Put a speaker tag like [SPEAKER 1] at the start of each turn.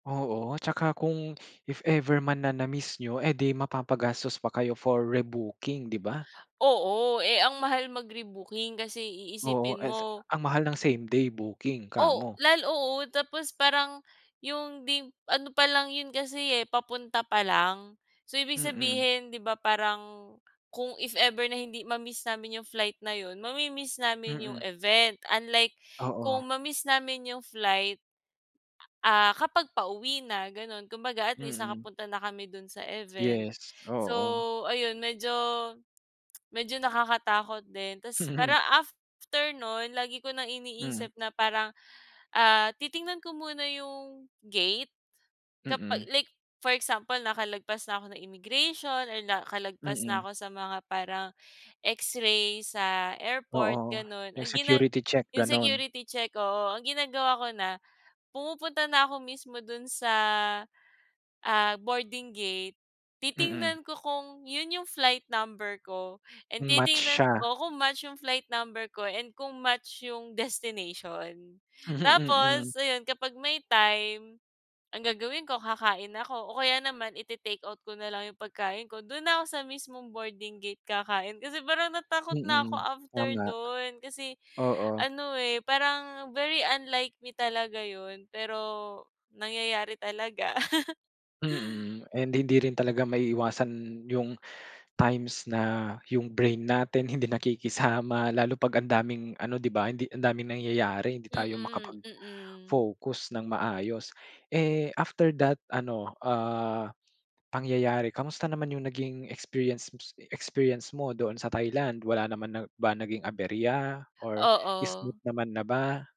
[SPEAKER 1] Oo, tsaka kung if ever man na na-miss niyo, edi mapapagastos pa kayo for rebooking 'di ba?
[SPEAKER 2] Oo, eh ang mahal mag-rebooking, kasi
[SPEAKER 1] Oo,
[SPEAKER 2] iisipin
[SPEAKER 1] ese
[SPEAKER 2] mo
[SPEAKER 1] ang mahal ng same-day booking
[SPEAKER 2] O
[SPEAKER 1] kamo.
[SPEAKER 2] lal oo, tapos parang yung 'di ano palang yun kasi eh, papunta pa lang. So, ibig
[SPEAKER 1] Mm.
[SPEAKER 2] sabihin, di ba parang, kung if ever na hindi ma-miss namin yung flight na yun, ma-mimiss namin yung
[SPEAKER 1] Mm.
[SPEAKER 2] event. Unlike,
[SPEAKER 1] Oo.
[SPEAKER 2] kung ma-miss namin yung flight ah kapag pauwi na ganun. Kumbaga at least
[SPEAKER 1] Mm.
[SPEAKER 2] nakapunta na kami dun sa event.
[SPEAKER 1] Yes.
[SPEAKER 2] So
[SPEAKER 1] Oo.
[SPEAKER 2] ayun, medyo medyo nakakatakot din. Tapos parang after no'n, lagi ko ng
[SPEAKER 1] Hmm.
[SPEAKER 2] iniisip na parang, ah, titingnan ko muna yung gate kapag
[SPEAKER 1] Mm.
[SPEAKER 2] like for example nakalagpas na ako ng immigration or nakalagpas
[SPEAKER 1] Mm.
[SPEAKER 2] na ako sa mga parang X-ray sa airport
[SPEAKER 1] Oo.
[SPEAKER 2] ganun,
[SPEAKER 1] Yung
[SPEAKER 2] ang ginag
[SPEAKER 1] security check
[SPEAKER 2] yung
[SPEAKER 1] ganun.
[SPEAKER 2] security check, oo. Ang ginagawa ko na, pumupunta na ako mismo dun sa, ah boarding gate.
[SPEAKER 1] Mm.
[SPEAKER 2] Titingnan ko kung 'yon yung flight number ko and
[SPEAKER 1] Hmm, match
[SPEAKER 2] titingnan
[SPEAKER 1] siya.
[SPEAKER 2] ko kung match yung flight number ko and kung match yung destination.
[SPEAKER 1] [unintelligible]
[SPEAKER 2] Tapos, ayon kapag may time, ang gagawin ko kakain ako o kaya naman i-te-takeout ko na lang yung pagkain ko. Do'n na ako sa mismong boarding gate kakain kasi parang natakot na ako
[SPEAKER 1] Mm.
[SPEAKER 2] after
[SPEAKER 1] Tama.
[SPEAKER 2] don. Kasi
[SPEAKER 1] Oo.
[SPEAKER 2] ano eh, parang very unlikely talaga yun, pero nangyayari talaga.
[SPEAKER 1] Mm, and hindi rin talaga maiiwasan yung times na yung brain natin hindi nakikisama, lalo 'pag ang daming ano di ba, hindi ang daming nangyayari hindi tayo
[SPEAKER 2] Mm, mm.
[SPEAKER 1] makapag-focus ng maayos. Eh, after that, ano, ah, pangyayari kamusta naman yung naging experience experience mo doon sa Thailand? Wala naman na ba naging aberya? Or smooth
[SPEAKER 2] Oo.
[SPEAKER 1] naman na ba?